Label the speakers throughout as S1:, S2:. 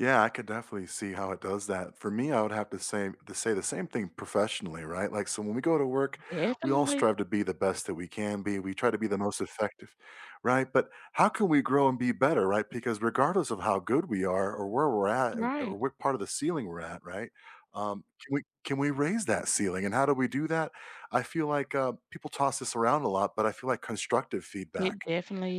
S1: Yeah, I could definitely see how it does that. For me, I would have to say to say the same thing professionally, right? Like, so when we go to work, we all
S2: Definitely.
S1: strive to be the best that we can be. We try to be the most effective, right, but how can we grow and be better, right, because regardless of how good we are or where we're at or or or
S2: Right.
S1: what part of the ceiling we're at, right? Um, can we can we raise that ceiling, and how do we do that? I feel like, uh, people toss this around a lot, but I feel like constructive
S2: It
S1: feedback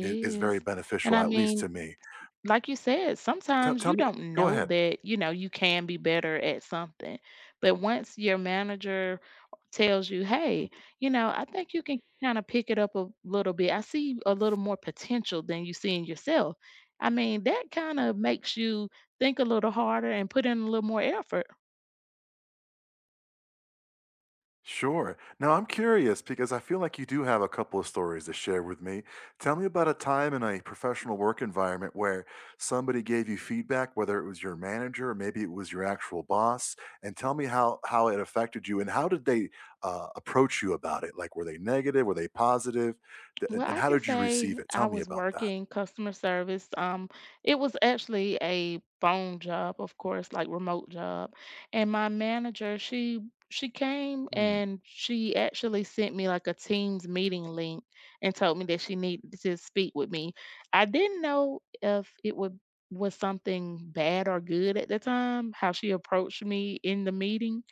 S1: is is
S2: is,
S1: very
S2: and
S1: beneficial,
S2: I
S1: at least to
S2: mean,
S1: me.
S2: like you said,
S1: Te
S2: sometimes
S1: tell
S2: you
S1: me
S2: don't
S1: go
S2: know
S1: ahead.
S2: that, you know, you can be better at something, but once your manager tells you, "Hey,
S1: Mhm.
S2: you know, I think you can kinda pick it up a little bit. I see a little more potential than you see in yourself." I mean, that kinda makes you think a little harder and put in a little more effort.
S1: Sure. Now I'm curious, because I feel like you do have a couple of stories to share with me. Tell me about a time in a professional work environment where somebody gave you feedback, whether it was your manager, or maybe it was your actual boss, and tell me how how it affected you, and how did they, uh, approach you about it like, were they negative? Were they positive? The and
S2: Well,
S1: and
S2: I
S1: how
S2: can
S1: did you receive
S2: say
S1: it?
S2: I
S1: Tell me
S2: was
S1: about that.
S2: working customer service. Um, it was actually a phone job, of course, like remote job, and my manager, she she came,
S1: Hmm.
S2: and she actually sent me, like, a Teams meeting link and told me that she needed to speak with me. I didn't know if it would was something bad or good at the time, how she approached me in the meeting,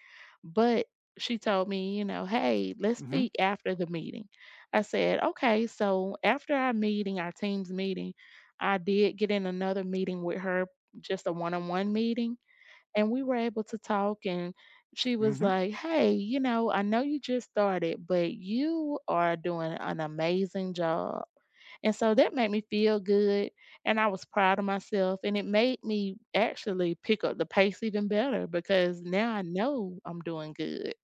S2: but she told me, you know, "Hey, let's
S1: Mhm.
S2: speak after the meeting." I said, "Okay." So after our meeting, our Teams meeting, I did get in another meeting with her just a one-on-one meeting, and we were able to talk, and she was
S1: Mhm.
S2: like, "Hey, you know, I know you just started, but you are doing an amazing job," and so that made me feel good, and I was proud of myself, and it made me actually pick up the pace even better, because now I know I'm doing good.